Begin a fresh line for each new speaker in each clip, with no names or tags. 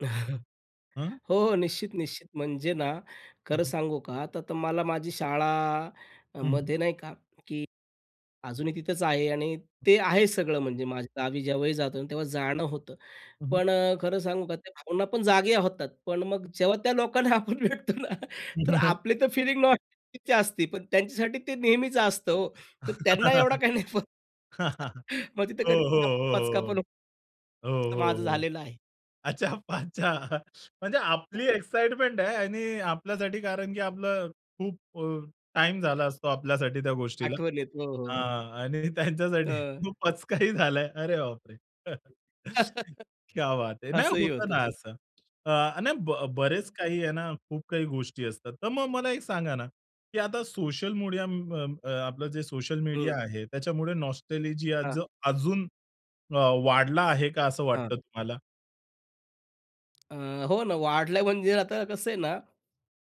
हं.
हो, निश्चित, निश्चित म्हणजे ना,
हं,
खरं
हं.
सांगू का त तर मला माझी
हं, हं.
शाळामध्ये नाही का की अजूनही तिथंच आहे आणि
हं.
ते आहे सगळं म्हणजे माझ्या गावी जेव्हाही जातो, तेव्हा जाणं होतं.
हं, हं.
पण अ, खरं सांगू का त्या भावना पण जागे होतात, पण मग जेव्हा त्या लोकांना आपण भेटतो ना,
हं,
तर
हं.
आपली तर फीलिंग न तिची असती पण त्यांच्यासाठी ते नेहमीच असतं. हो, तर त्यांना एवढा
हो,
काही नाही फ [unintelligible] ...मग तिथे कधी
हो, हो,
पचका पण
हो.
हो
हो,
तर
हो,
माझं
हो.
झालेलं आहे.
अच्छा पाच्छा. म्हणजे आपली एक्साइटमेंट आहे आणि आपल्यासाठी कारण, की आपलं खूप अ, टाईम झाला असतो आपल्यासाठी त्या गोष्टीला
आठवणीत. हो, हो.
हां आणि त्यांच्यासाठी
अ.
खू पचकाही झालाय. अरे बापरे! क्या बात है नाही
असही
होतं
होतं
ना
ते.
असं. अ. आणि ब बरेच
अ.
काही आहे ना खूप काही गोष्टी असतात. तर मग मला एक सांगा ना, की आता सोशल मीडिया म अं, अ, आपलं जे सोशल मीडिया
हं.
आहे त्याच्यामुळे नॉस्टॅल्जिया
हां.
अजून अ, वाढला आहे का असं वाटतं
हां.
तुम्हाला?
अ, हो ना, वाढल्या म्हणजे आता कसं आहे ना,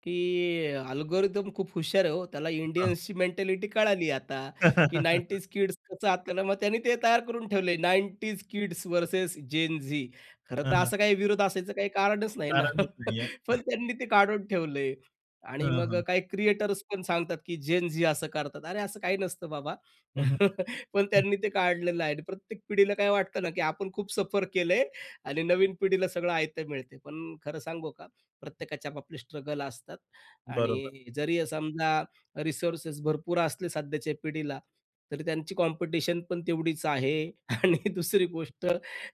की अल्गोरिदम खूप हुशार आहे हो. त्याला
हां.
इंडियन्सची मेंटॅलिटी कळाली, आता की 90s किड्स कसं आता, मग त्यांनी ते तयार करून ठेवलंय. 90s kids versus Zen Zee. खरं
हं,
तर
हं.
असं काही विरोध असायचं काही कारणच नाही ना.
कारणच नाहीये.
पण त्यांनी ते काढून ठेवलंय आणि
हां,
मग
हां.
काही क्रिएटर्स पण सांगतात, की झेन झी असं करतात. अरे, असं काही नसतं बाबा.
हं, हं.
पण
हं.
त्यांनी ते काढलेलं आहे आणि प्रत्येक पिढीला काय वाटतं ना, की आपण खूप सफर केलंय आणि नवीन पिढीला सगळं आयतं मिळते, पण खरं सांगू का, प्रत्येकाच्या आपापले स्ट्रगल असतात
बरोबर.
आणि जरी समजा रिसोर्सेस भरपूर असले सध्याच्या पिढीला, तरी त्यांची कॉम्पिटिशन पण तेवढीच आहे. आणि दुसरी गोष्ट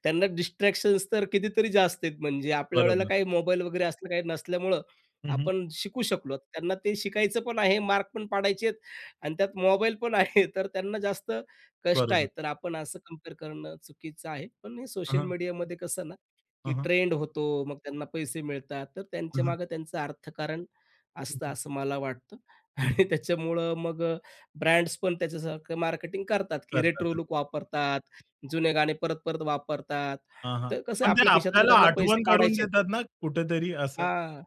त्यांना डिस्ट्रॅक्शन्स तर कितीतरी जास्त आहेत. म्हणजे आपल्या वेळेला
बरोबर.
काही मोबाईल वगैरे असलं काही नसल्यामुळं,
हं, हं.
आपण शिकू शकलो. त्यांना ते शिकायचं पण आहे, मार्क पण पाडायचे आहेत आणि त्यात मोबाईल पण आहे, तर त्यांना जास्त कष्ट आहे.
बरोबर.
तर आपण असं कंपेअर करणं चुकीचं आहे. पण हे
हं,
सोशल
हं.
मीडियामध्ये कसं ना,
हं,
की
हं.
ट्रेंड होतो, मग त्यांना पैसे मिळतात, तर
हं, हं.
त्यांच्यामागे त्यांचं अर्थकारण
हं,
असतं
हं.
असं मला वाटतं.
हं, हं.
आणि त्याच्यामुळं मग ब्रँड्स पण त्याच्यासारखं मार्केटिंग करतात, की रेट्रो
करतात.
लुक वापरतात, जुने गाणे परत-परत वापरतात,
हां, हां.
तर कसं
पण ते
आपल्या खिशातनं
आपल्याला
त्यांना पैसे
आठवण करून
काढायचे आहेत.
देतात ना, कुठेतरी असं.
हां.